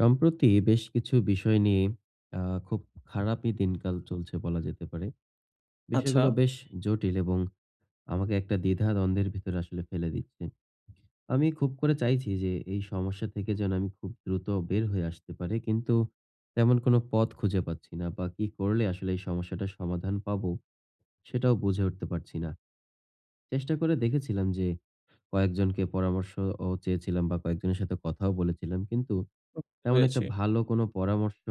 সম্প্রতি বেশ কিছু বিষয় নিয়ে, অ্যা খুব খারাপই দিনকাল চলছে বলা যেতে পারে। আচ্ছা। বিষয়গুলো বেশ জটিল এবং আমাকে একটা দ্বিধা দ্বন্দ্বের ভিতরে আসলে ফেলে দিচ্ছে। আমি খুব করে চাইছি যে এই সমস্যা থেকে যেন আমি খুব দ্রুত বের হয়ে আসতে পারি, কিন্তু তেমন কোন পথ খুঁজে পাচ্ছি না, বা কি করলে আসলে এই সমস্যাটার সমাধান পাব, সেটাও বুঝে উঠতে পারছি না। চেষ্টা করে দেখেছিলাম যে, কয়েকজনকে পরামর্শ ও চেয়েছিলাম, বা কয়েকজনের সাথে কথাও বলেছিলাম। কিন্তু বুঝতে তেমন একটা পেরেছি। ভালো কোন পরামর্শ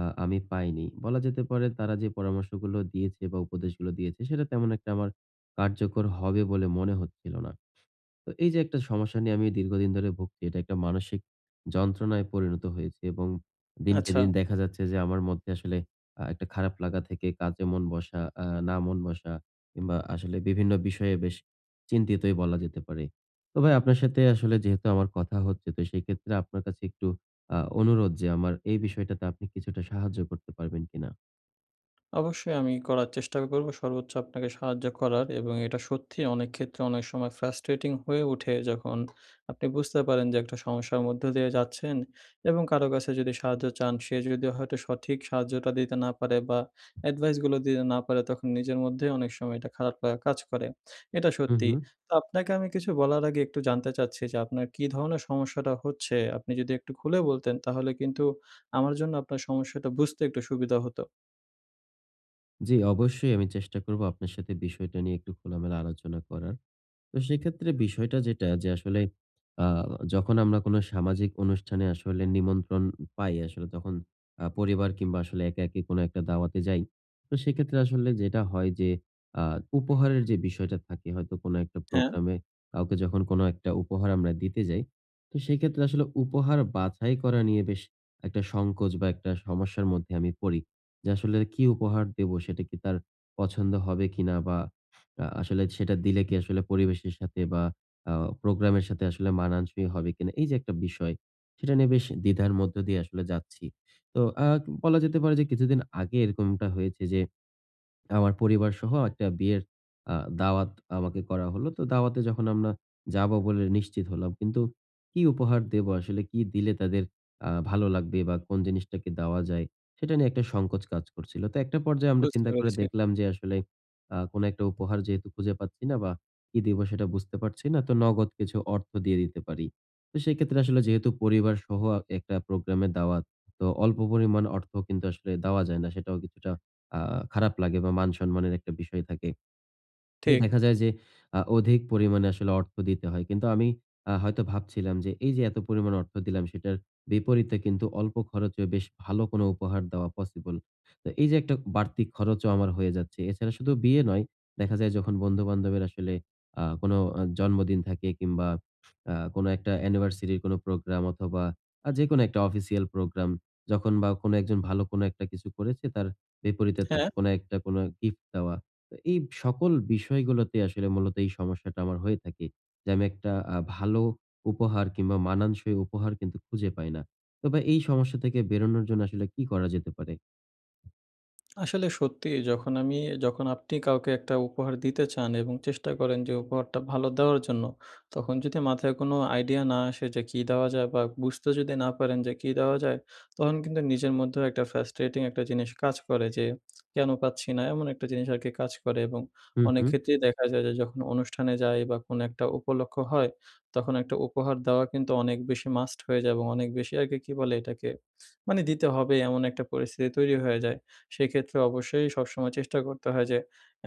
আ আমি পাইনি। বলা যেতে পারে, তারা যে পরামর্শগুলো দিয়েছে, বা উপদেশগুলো দিয়েছে, সেটা তেমন একটা আমার কার্যকর হবে বলে মনে হচ্ছিল না। তো এই যে একটা সমস্যা নিয়ে আমি দীর্ঘদিন ধরে ভুগছি। এটা একটা মানসিক যন্ত্রণায় পরিণত হয়েছে, এবং দিনকে আচ্ছা। দিন দেখা যাচ্ছে যে, আমার মধ্যে আসলে আ একটা খারাপ লাগা থেকে কাজে মন বসা আ না মন বসা কিংবা আসলে বিভিন্ন বিষয়ে বেশ চিন্তিতই বলা যেতে পারে। তো ভাই, আপনার সাথে আসলে যেহেতু আমার কথা হচ্ছে, তো সেইক্ষেত্রে আপনার কাছে একটু আ অনুরোধ যে আমার এই বিষয়টাতে আপনি কিছুটা সাহায্য করতে পারবেন কিনা? অবশ্যই। আমি করার চেষ্টা করবো সর্বোচ্চ আপনাকে সাহায্য করার এবং এটা সত্যি অনেকক্ষেত্রে অনেক সময় ফ্রাস্ট্রেটিং হয়ে ওঠে যখন আপনি বুঝতে পারেন যে একটা সমস্যার মধ্য দিয়ে যাচ্ছেন এবং কারো কাছে যদি সাহায্য চান, সে যদি হয়তো সঠিক সাহায্যটা দিতে না পারে বা, এডভাইসগুলো দিতে না পারে তখন নিজের মধ্যেই অনেক সময় এটা খারাপ লাগা কাজ করে। এটা হু, সত্যি। হু। তো আপনাকে আমি কিছু বলার আগে একটু জানতে চাচ্ছি যে, আপনার কী ধরনের সমস্যাটা হচ্ছে? আপনি যদি একটু খুলে বলতেন, তাহলে কিন্তু আমার জন্য আপনার সমস্যাটা বুঝতে একটু সুবিধা হতো। জি, অবশ্যই আমি চেষ্টা করবো আপনার সাথে বিষয়টা নিয়ে একটু খোলামেলা আলোচনা করার। তো সেক্ষেত্রে বিষয়টা যেটা যে, আসলে আ যখন আমরা কোন সামাজিক অনুষ্ঠানে আসলে নিমন্ত্রণ পাই, আসলে তখন আ পরিবার কিংবা আসলে একাকি কোনো একটা দাওয়াতে যাই। তো সেক্ষেত্রে আসলে যেটা হয় যে আ উপহারের যে বিষয়টা থাকে হয়তো কোনো একটা হ্যাঁ। প্রোগ্রামে কাউকে যখন কোন একটা উপহার আমরা দিতে যাই। তো সেক্ষেত্রে আসলে উপহার বাছাই করা নিয়ে বেশ একটা সংকোচ বা, একটা সমস্যার মধ্যে আমি পড়ি। যে আসলে কি উপহার দেব? সেটা কি তার পছন্দ হবে কিনা? বা, আ আসলে সেটা দিলে কি আসলে পরিবেশের সাথে বা, আ প্রোগ্রামের সাথে আসলে মানানসই হবে কিনা? এইযে একটা বিষয়, সেটা নিয়ে বেশ দ্বিধার মধ্য দিয়ে আসলে যাচ্ছি। তো আ বলা যেতে পারে যে কিছুদিন আগে এরকমটা হয়েছে যে আমার পরিবারসহ একটা বিয়ের আ দাওয়াত আমাকে করা হলো। তো দাওয়াতে যখন আমরা যাব বলে নিশ্চিত হলাম। কিন্তু কি উপহার দেব আসলে? কি দিলে আ তাদের ভালো লাগবে? বা কোন জিনিসটাকে দেওয়া যায়? সেটা নিয়ে একটা সংকোচ কাজ করছিল। তো একটা পর্যায়ে আমরা বুঝতে চিন্তা করে পেরেছি। দেখলাম যে আসলে আ কোন একটা উপহার যেহেতু খুঁজে পাচ্ছি না বা, কি দিবো সেটা বুঝতে পারছি না, তো নগদ কিছু অর্থ দিয়ে দিতে পারি। তো সেক্ষেত্রে আসলে যেহেতু পরিবারসহ অ একটা প্রোগ্রামের দাওয়াত। তো অল্প পরিমাণ অর্থ কিন্তু আসলে দেওয়া যায় না। সেটাও কিছুটা আ খারাপ লাগে বা, মান সম্মানের একটা বিষয় থাকে। তো ঠিক। দেখা যায় যে আ অধিক পরিমাণে আসলে অর্থ দিতে হয়। কিন্তু আমি আ হয়তো ভাবছিলাম যে এইযে এত পরিমাণ অর্থ দিলাম, সেটার বিপরীতে কিন্তু অল্প খরচে বেশ ভালো কোনো উপহার দেওয়া পসিবল। তো এইযে একটা বাড়তি খরচও আমার হয়ে যাচ্ছে। এছাড়া শুধু বিয়ে নয়, দেখা যায় যখন বন্ধু-বান্ধবের আসলে আ কোন আ জন্মদিন থাকে কিংবা আ কোন একটা অ্যানিভার্সারির কোন একটা প্রোগ্রাম অথবা, আ যেকোনো একটা অফিসিয়াল প্রোগ্রাম যখন বা, কোন একজন ভালো কোন একটা কিছু করেছে, তার বিপরীতে হ্যাঁ। থাকে কোন একটা কোনো গিফট দেওয়া। তো, এই সকল বিষয়গুলোতে আসলে মূলত এই সমস্যাটা আমার হয়ে থাকে। যে আমি একটা আ ভালো উপহার কিংবা মানানসই উপহার কিন্তু খুঁজে পাই না। তবে এই সমস্যা থেকে বেরোনোর জন্য আসলে কি করা যেতে পারে? আসলে সত্যিই যখন আমি, যখন আপনি কাউকে একটা উপহার দিতে চান এবং চেষ্টা করেন যে উপহারটা ভালো দেওয়ার জন্য। তখন যদি মাথায় কোনো আইডিয়া না আসে, যে কী দেওয়া যায়? বা বুঝতে যদি না পারেন যে, কি দেওয়া যায়? তখন কিন্তু নিজের মধ্যেও একটা ফ্রাস্ট্রেটিং একটা জিনিস কাজ করে। যে কেন পাচ্ছি না! এমন একটা জিনিস আরকি কাজ করে, এবং হু, অনেক হু। ক্ষেত্রেই দেখা যায় যে, যখন অনুষ্ঠানে যাই বা কোনো একটা উপলক্ষ্য হয়, তখন একটা উপহার দেওয়া কিন্তু অনেক বেশি মাস্ট হয়ে যায়। এবং অনেক বেশি আরকি, কি বলে এটাকে? মানে দিতে হবে, এমন একটা পরিস্থিতি তৈরি হয়ে যায়। সেক্ষেত্রে অবশ্যই সবসময় চেষ্টা করতে হয় যে,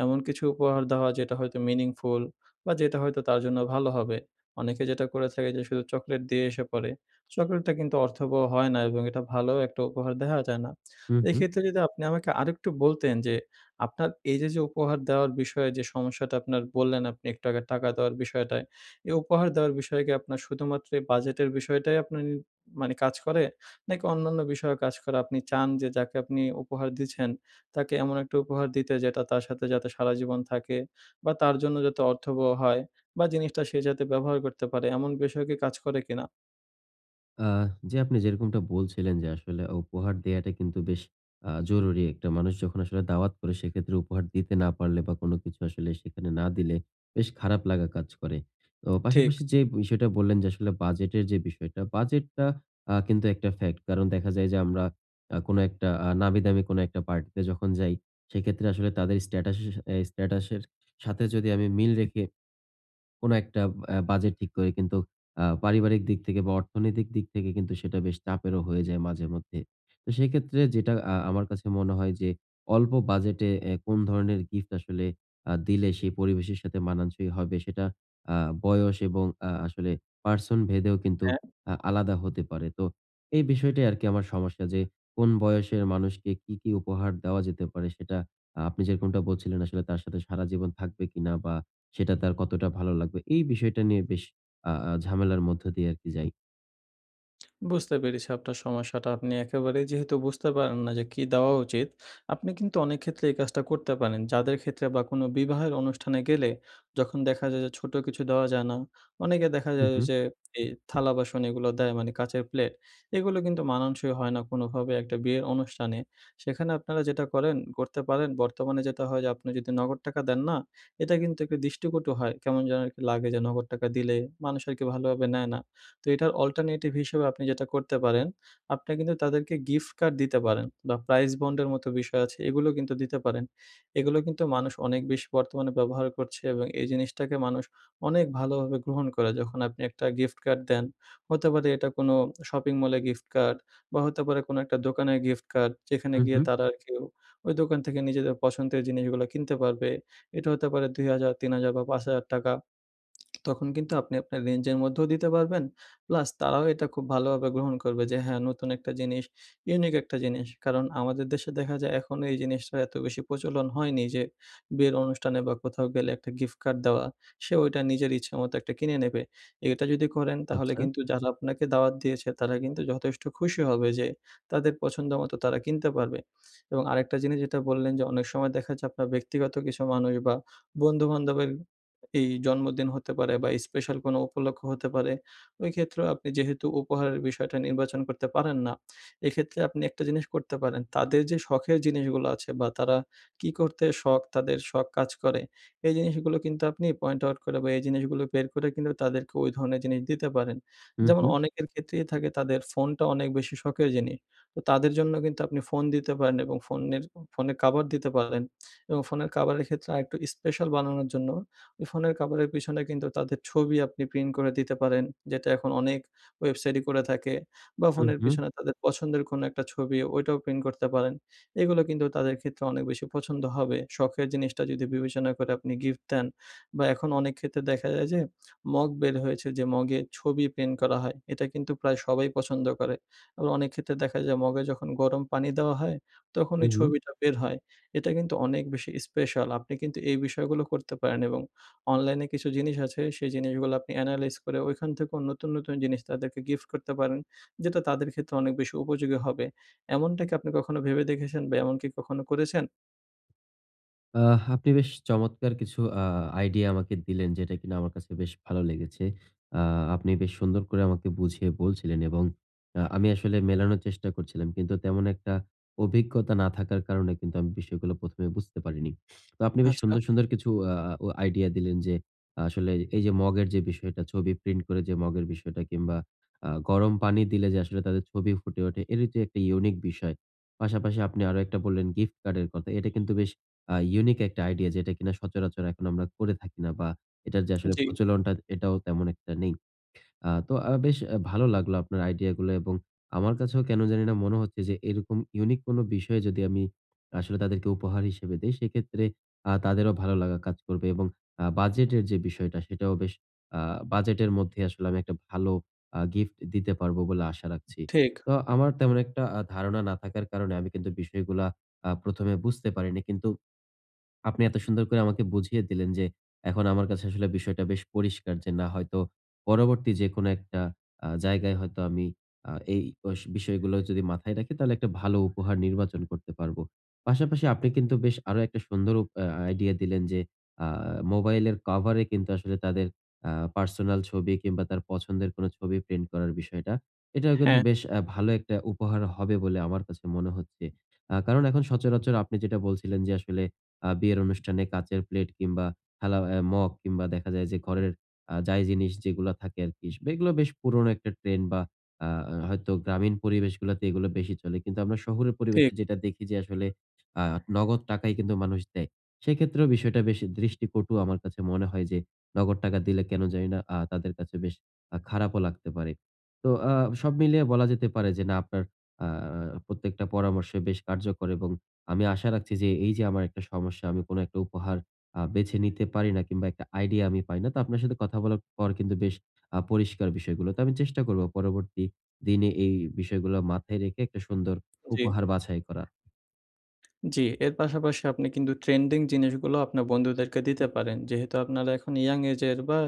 এমন কিছু উপহার দেওয়া যেটা হয়তো মিনিংফুল, বা যেটা হয়তো তার জন্য ভালো হবে। অনেকে যেটা করে থাকে যে শুধু চকোলেট দিয়ে এসে পরে। চকোলেটটা কিন্তু অর্থবহ হয় না, এবং এটা ভালো একটা উপহার দেওয়া যায় না। হু, এই হু। ক্ষেত্রে যদি আপনি আমাকে আরেকটু বলতেন, যে আপনার এই যে, যে উপহার দেওয়ার বিষয়ে যে সমস্যাটা আপনার বললেন, আপনি একটু আগে টাকা দেওয়ার বিষয়টায়। এই উপহার দেওয়ার বিষয়ে কি আপনার শুধুমাত্র এই বাজেটের বিষয়টাই আপনার উম মানে কাজ করে? নাকি অন্যান্য বিষয়ও কাজ করে? আপনি চান যে, যাকে আপনি উপহার দিচ্ছেন, তাকে এমন একটা উপহার দিতে, যেটা তার সাথে যাতে সারাজীবন থাকে, বা তার জন্য যাতে অর্থবহ হয়, বা জিনিসটা সে যাতে ব্যবহার করতে পারে। এমন বিষয় কি কাজ করে কিনা? আহ! জি, আপনি যেরকমটা বলছিলেন যে, আসলে, উপহার দেয়াটা কিন্তু বেশ অ্যা জরুরী একটা মানুষ যখন আসলে দাওয়াত করে সেক্ষেত্রে উপহার দিতে না পারলে বা, কোন কিছু আসলে সেখানে না দিলে, বেশ খারাপ লাগা কাজ করে। তো ঠিক। পাশাপাশি যেই বিষয়টা বললেন যে, আসলে বাজেটের যে বিষয়টা বাজেটটা অ্যা কিন্তু একটা ফেক্ট। কারণ, দেখা যায় যে আমরা অ্যা কোন একটা আ নামিদামি কোনো একটা পার্টিতে যখন যাই, সেক্ষেত্রে আসলে তাদের স্ট্যাটাসে এ স্ট্যাটাসের সাথে যদি আমি মিল রেখে কোন একটা অ্যা বাজেট ঠিক করি, কিন্তু অ্যা পারিবারিক দিক থেকে বা, অর্থনৈতিক দিক থেকে কিন্তু সেটা বেশ চাপেরও হয়ে যায় মাঝেমধ্যে। তো সেক্ষেত্রে যেটা আ আমার কাছে মনে হয় যে অল্প বাজেটে অ্যা কোন ধরনের গিফট আসলে আ দিলে সেই পরিবেশের সাথে মানানসই হবে, সেটা আ বয়স এবং আ আসলে পার্সনভেদেও কিন্তু হ্যাঁ। আ আলাদা হতে পারে। তো এই বিষয়টাই আরকি আমার সমস্যা যে, কোন বয়সের মানুষকে কি, কি উপহার দেওয়া যেতে পারে, সেটা আ আপনি যেরকমটা বলছিলেন আসলে, তার সাথে সারাজীবন থাকবে কিনা? বা সেটা তার কতটা ভালো লাগবে? এই বিষয়টা নিয়ে বেশ আ আ ঝামেলার মধ্য দিয়ে আরকি যাই। বুঝতে পেরেছি, আপনার সমস্যাটা। আপনি একেবারে যেহেতু বুঝতে পারেন না, যে, কি দেওয়া উচিত? আপনি কিন্তু অনেক ক্ষেত্রেই এই কাজটা করতে পারেন। যাদের ক্ষেত্রে বা কোনো বিবাহের অনুষ্ঠানে গেলে, যখন দেখা যায় যে, ছোট কিছু দেওয়া যায় না, অনেকে দেখা হুম, যায়, হুম। যে, এই থালা বাসন এগুলো দেয়। মানি কাঁচের প্লেট, এগুলো, কিন্তু মানানসই হয় না, কোনোভাবে একটা বিয়ের অনুষ্ঠানে। সেখানে আপনারা যেটা করেন করতে পারেন, বর্তমানে যেটা হয় যে, আপনি যদি নগদ টাকা দেন না, এটা কিন্তু একটু দৃষ্টিকটু হয়। কেমন যেন একটু লাগে যে, নগদ টাকা দিলে মানুষ আরকি ভালোভাবে নেয় না। তো এটার অল্টারনেটিভ হিসেবে আপনি যেটা করতে পারেন, আপনি কিন্তু তাদেরকে গিফট কার্ড দিতে পারেন, বা প্রাইস বন্ড এর মতো বিষয় আছে, এগুলো কিন্তু দিতে পারেন। এগুলো কিন্তু মানুষ অনেক বেশ বর্তমানে ব্যবহার করছে, এবং এই জিনিসটাকে মানুষ অনেক ভালোভাবে গ্রহণ করে, যখন আপনি একটা গিফট কার্ড দেন, হতে পারে এটা কোনো শপিং মলে গিফট কার্ড, বা হতে পারে কোনো একটা দোকানের গিফট কার্ড। যেখানে উ গিয়ে হুম। তারা আর কেউ ওই দোকান থেকে নিজেদের পছন্দের জিনিসগুলো কিনতে পারবে। এটা হতে পারে ৳২,০০০, ৳৩,০০০ বা ৳৫,০০০। তখন কিন্তু আপনি আপনার রেঞ্জ এর মধ্যেও দিতে পারবেন। প্লাস তারাও এটা খুব ভালোভাবে গ্রহণ করবে যে, "হ্যাঁ, নতুন একটা জিনিস, ইউনিক একটা জিনিস।" কারণ আমাদের দেশে দেখা যায়, এখন এই জিনিসটার এত বেশি প্রচলন হয়নি, যে, বিয়ের অনুষ্ঠানে বা কোথাও গেলে একটা গিফট কার্ড দেওয়া, সে ওইটা নিজের ইচ্ছে মতো একটা কিনে নেবে। এটা যদি করেন, তাহলে আচ্ছা। কিন্তু যারা আপনাকে দাওয়াত দিয়েছে, তারা কিন্তু যথেষ্ট খুশি হবে, যে, তাদের পছন্দ মতো তারা কিনতে পারবে। এবং আরেকটা জিনিস যেটা বললেন, যে, অনেক সময় দেখা যাচ্ছে আপনার ব্যক্তিগত কিছু মানুষ, বা বন্ধুবান্ধবের এই জন্মদিন হতে পারে, বা স্পেশাল কোনো উপলক্ষ্য হতে পারে, ওই ক্ষেত্রেও আপনি যেহেতু উপহারের বিষয়টা নির্বাচন করতে পারেন না। এক্ষেত্রে আপনি একটা জিনিস করতে পারেন। তাদের যে, শখের জিনিসগুলা আছে বা তারা কি করতে শখ, তাদের শখ কাজ করে, এই জিনিসগুলো কিন্তু আপনি পয়েন্ট আউট করে, বা এই জিনিসগুলো বের করে, কিন্তু তাদেরকে ওই ধরণের জিনিস দিতে পারেন। উ যেমন হুম। অনেকের ক্ষেত্রেই থাকে তাদের ফোনটা অনেক বেশি শখের জিনিস তো তাদের জন্য কিন্তু আপনি ফোন দিতে পারেন, এবং ফোনের ফোনে কভার দিতে পারেন এবং ফোনের কভারের ক্ষেত্রে আরেকটু স্পেশাল বানানোর জন্য, ওই ফোনের কভারের পিছনে কিন্তু তাদের ছবি আপনি প্রিন্ট করে দিতে পারেন। যেটা এখন অনেক ওয়েবসাইটই করে থাকে, বা উ ফোনের হুম। পিছনে তাদের পছন্দের কোনো একটা ছবি, ওইটাও প্রিন্ট করতে পারেন। এগুলো কিন্তু তাদের ক্ষেত্রে অনেক বেশি পছন্দ হবে। শখের জিনিসটা যদি বিবেচনা করে, আপনি গিফট দেন, বা এখন অনেক ক্ষেত্রে দেখা যায় যে, মগ বের হয়েছে যে, মগে ছবি প্রিন্ট করা হয়। এটা কিন্তু প্রায় সবাই পছন্দ করে, এবং অনেক ক্ষেত্রে দেখা যায়, মগে যখন গরম পানি দেওয়া হয়, তখন উ এই হুম। ছবিটা বের হয়। এটা কিন্তু অনেক বেশি স্পেশাল। আপনি কিন্তু এই বিষয়গুলো করতে পারেন, এবং অনলাইনে কিছু জিনিস আছে, সেই জিনিসগুলা আপনি এনালাইজ করে, ঐখান থেকেও নতুন, নতুন জিনিস তাদেরকে গিফট করতে পারেন। যেটা তাদের ক্ষেত্রে অনেক বেশি উপযোগী হবে। এমনটা কি আপনি কখনো ভেবে দেখেছেন? বা এমনকি কখনো করেছেন? আহ! আপনি বেশ চমৎকার কিছু আ আইডিয়া আমাকে দিলেন, যেটা কিন্তু আমার কাছে বেশ ভালো লেগেছে। আ আপনি বেশ সুন্দর করে আমাকে বুঝিয়ে বলছিলেন এবং আ আমি আসলে মেলানোর চেষ্টা করছিলাম। কিন্তু তেমন একটা অভিজ্ঞতা না থাকার কারণে কিন্তু আমি বিষয়গুলো ১ম এ বুঝতে পারিনি। তো আপনি বেশ আচ্ছা। সুন্দর, সুন্দর কিছু আ অ আইডিয়া দিলেন যে আসলে এইযে মগের যে বিষয়টা, ছবি প্রিন্ট করে যে মগের বিষয়টা কিংবা আ গরম পানি দিলে যে আসলে তাদের ছবি ফুটে ওঠে, এটির যে একটি ইউনিক বিষয়। পাশাপাশি আপনি আরও একটা বললেন গিফট কার্ডের কথা। এটা কিন্তু বেশ আ ইউনিক একটা আইডিয়া। যেটা কিনা সচরাচর এখন আমরা করে থাকি না। বা, এটার যে আসলে জি। প্রচলনটা, এটাও তেমন একটা নেই। আ তো আ বেশ অ্যা ভালো লাগলো আপনার আইডিয়াগুলা এবং আমার কাছেও কেন জানিনা মনে হচ্ছে যে, এরকম ইউনিক কোন বিষয়ে যদি আমি আসলে তাদেরকে উপহার হিসেবে দেই, সেক্ষেত্রে আ তাদেরও ভালো লাগা কাজ করবে এবং আ বাজেটের যে বিষয়টা, সেটাও বেশ আ বাজেটের মধ্যে আসলে আমি একটা ভালো আ গিফট দিতে পারবো বলে আশা রাখছি। ঠিক। তো আমার তেমন একটা আ ধারণা না থাকার কারণে আমি কিন্তু বিষয়গুলা আ ১ম এ বুঝতে পারিনি। কিন্তু আপনি এত সুন্দর করে আমাকে বুঝিয়ে দিলেন যে এখন আমার কাছে আসলে বিষয়টা বেশ পরিষ্কার যে, না হয়তো পরবর্তী যেকোনো একটা আ জায়গায় হয়তো আমি আ এই বষ বিষয়গুলো যদি মাথায় রাখি, তাহলে একটা ভালো উপহার নির্বাচন করতে পারবো। পাশাপাশি আপনি কিন্তু বেশ আরো একটা সুন্দরও উপ আ আইডিয়া দিলেন যে আ মোবাইলের কভারে কিন্তু আসলে তাদের আ পার্সোনাল ছবি কিংবা, তার পছন্দের কোন ছবি প্রিন্ট করার বিষয়টা। এটাও কিন্তু হ্যাঁ। বেশ আ ভালো একটা উপহার হবে বলে আমার কাছে মনে হচ্ছে। আ কারণ এখন সচরাচর আপনি যেটা বলছিলেন যে আসলে আ বিয়ের অনুষ্ঠানে কাঁচের প্লেট কিংবা, খেলা আ মগ কিংবা, দেখা যায় যে, ঘরের আ যাই জিনিস যেগুলো থাকে আরকি, বেশ এইগুলা বেশ পুরোনো একটা ট্রেন্ড বা, আ আ হয়তো গ্রামীণ পরিবেশগুলাতে এইগুলা বেশি চলে। কিন্তু আমরা শহরের পরিবেশে ঠিক। যেটা দেখি যে আসলে আ নগদ টাকাই কিন্তু মানুষ দেয়। সেক্ষেত্রেও বিষয়টা বেশ দৃষ্টিকটু আমার কাছে মনে হয় যে, নগদ টাকা দিলে কেন জানিনা আ তাদের কাছে বেশ আ খারাপও লাগতে পারে। তো আ সব মিলিয়ে বলা যেতে পারে যে, না, আপনার আ আ প্রত্যেকটা পরামর্শই বেশ কার্যকর এবং আমি আশা রাখছি যে এইযে আমার একটা সমস্যা, আমি কোন একটা উপহার আ বেছে নিতে পারি না কিংবা, একটা আইডিয়া আমি পাই না। তো আপনার সাথে কথা বলার পর কিন্তু বেশ আ পরিষ্কার বিষয়গুলো। তো আমি চেষ্টা করবো পরবর্তী দিনে এই বিষয়গুলো মাথায় রেখে একটা সুন্দর জি। উপহার বাছাই করা। জ্বি। এর পাশাপাশি আপনি কিন্তু ট্রেন্ডিং জিনিসগুলো আপনার বন্ধুদেরকে দিতে পারেন। যেহেতু আপনারা এখন ইয়ং এজের বা,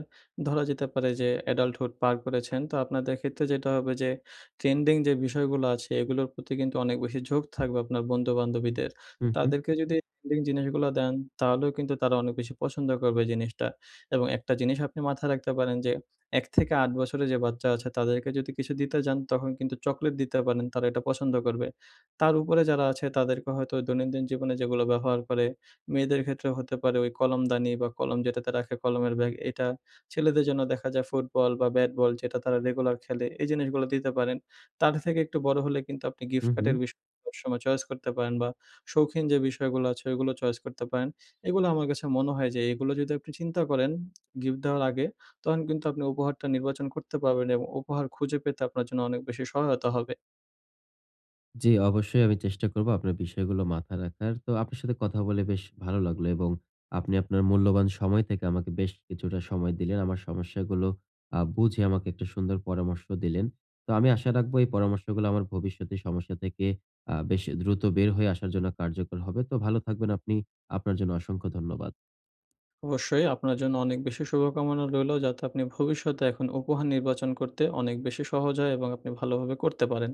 ধরা যেতে পারে যে adulthood পার করেছেন, তো আপনাদের ক্ষেত্রে যেটা হবে যে ট্রেন্ডিং যে বিষয়গুলো আছে, এগুলোর প্রতি কিন্তু অনেক বেশি ঝোঁক থাকবে আপনার বন্ধু-বান্ধবীদের। হুম, হুম। তাদেরকে যদি এই ট্রেন্ডিং জিনিসগুলো দেন, তাহলেও কিন্তু তারা অনেক বেশি পছন্দ করবে জিনিসটা এবং একটা জিনিস আপনি মাথায় রাখতে পারেন যে, ১ থেকে ৮ বছরের যে বাচ্চা আছে, তাদেরকে যদি কিছু দিতে যান, তখন কিন্তু চকলেট দিতে পারেন। তারা এটা পছন্দ করবে। তার উপরে যারা আছে, তাদেরকে হয়তো দৈনন্দিন জীবনে যেগুলো ব্যবহার করে, মেয়েদের ক্ষেত্রে হতে পারে ওই কলমদানি বা, কলম যেটাতে রাখে কলমের ব্যাগ এটা, ছেলেদের জন্য দেখা যায় ফুটবল বা, ব্যাট বল, যেটা তারা রেগুলার খেলে। এই জিনিসগুলো দিতে পারেন। তাদের থেকে একটু বড়ো হলে কিন্তু আপনি গিফট হুম, হুম। কার্ডের বিষয় সবসময় চয়েস করতে পারেন বা, শৌখিন যে বিষয়গুলো আছে, ওইগুলো চয়েস করতে পারেন। এগুলো আমার কাছে মনে হয় যে, এগুলো যদি আপনি চিন্তা করেন গিফট দেওয়ার আগে, তখন কিন্তু আপনি উপহারটা নির্বাচন করতে পারবেন এবং উপহার খুঁজে পেতে আপনার জন্য অনেক বেশি সহায়তা হবে। জ্বি, অবশ্যই আমি চেষ্টা করবো আপনার বিষয়গুলো মাথায় রাখার। তো আপনার সাথে কথা বলে বেশ ভালো লাগলো এবং আপনি আপনার মূল্যবান সময় থেকে আমাকে বেশ কিছুটা সময় দিলেন। আমার সমস্যাগুলো আ বুঝে আমাকে একটা সুন্দর পরামর্শ দিলেন। তো আমি আশা রাখবো এই পরামর্শগুলো আমার ভবিষ্যতের সমস্যা থেকে আ বেশ এ দ্রুত বের হয়ে আসার জন্য কার্যকর হবে। তো ভালো থাকবেন আপনি। আপনার জন্য অসংখ্য ধন্যবাদ। অবশ্যই। আপনার জন্য অনেক বেশি শুভকামনা রইলো, যাতে আপনি ভবিষ্যতে এখন উপহার নির্বাচন করতে অনেক বেশি সহজ হয় এবং আপনি ভালোভাবে করতে পারেন।